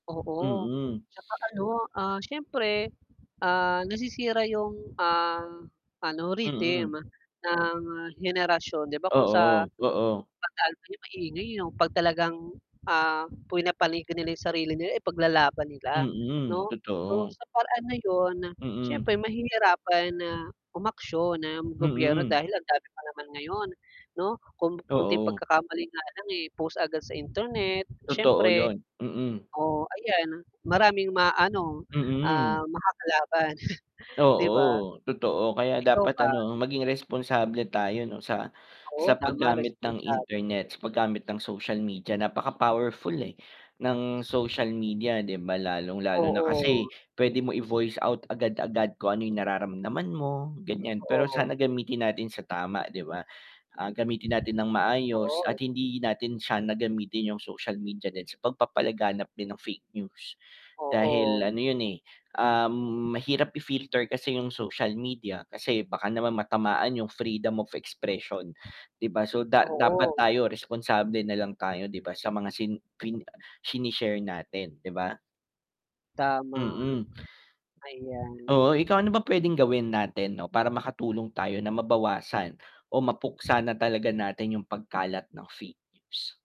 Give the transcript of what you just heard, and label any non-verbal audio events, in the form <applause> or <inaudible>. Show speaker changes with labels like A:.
A: Oo.
B: Hmm.
A: 'Tsaka ano, ah, siyempre, ah, nasisira yung, uhm, ano, rhythm,
B: Mm.
A: ng henerasyon, 'di ba kung sa
B: Oo, oo.
A: <unintelligible> maingay, eh, yung 'pag talagang, ah, pinapanigan nila yung sarili nila, ipaglalaban nila.
B: Mm,
A: 'No? So,
B: totoo.
A: sa paraan na yun,
B: Mm.
A: siyempre mahihirapan na umaksyon ang gobyerno,
B: Mm.
A: dahil ang dami pa naman ngayon, 'no? Kung onting
B: Oo.
A: pagkakamali nga lang, eh, post agad sa internet,
B: Totoo
A: siyempre
B: yun, mm.
A: oh, ayan maraming maaano, ah,
B: Mm.
A: makakalaban <scoffs> 'di ba?
B: Oo, totoo, kaya
A: Ikaw
B: dapat
A: ba?
B: ano, maging responsable tayo 'no, sa
A: Oo,
B: sa pag
A: tama,
B: gamit ng
A: responsable.
B: internet, sa pag gamit ng social media, napaka powerful eh, ng social media, 'di ba, lalong-lalo na
A: Oo.
B: kasi p'wede mo i-voice out agad-agad kung ano yung nararamdaman mo, gan'yan. Pero
A: Totoo.
B: sana gamitin natin sa tama, 'di ba? Ah, gamitin natin ng maayos
A: Oo.
B: at hindi natin siya na gamitin yung social media din sa pag papalaganap din ng fake news. Dahil
A: Oo.
B: ano yun, eh, uhm, mahirap i-filter kasi yung social media, kasi baka naman matamaan yung "Freedom of expression." 'Di ba? So, da dapat
A: Oo.
B: tayo responsable nalang tayo 'di ba, sa mga sin fin shine-share natin, 'di ba?
A: Tama.
B: Mm.
A: Ayan.
B: Oo, ikaw ano ba p'wedeng gawin natin 'no, para makatulong tayo na mabawasan o mapuksa na talaga natin yung pagkalat ng fake news?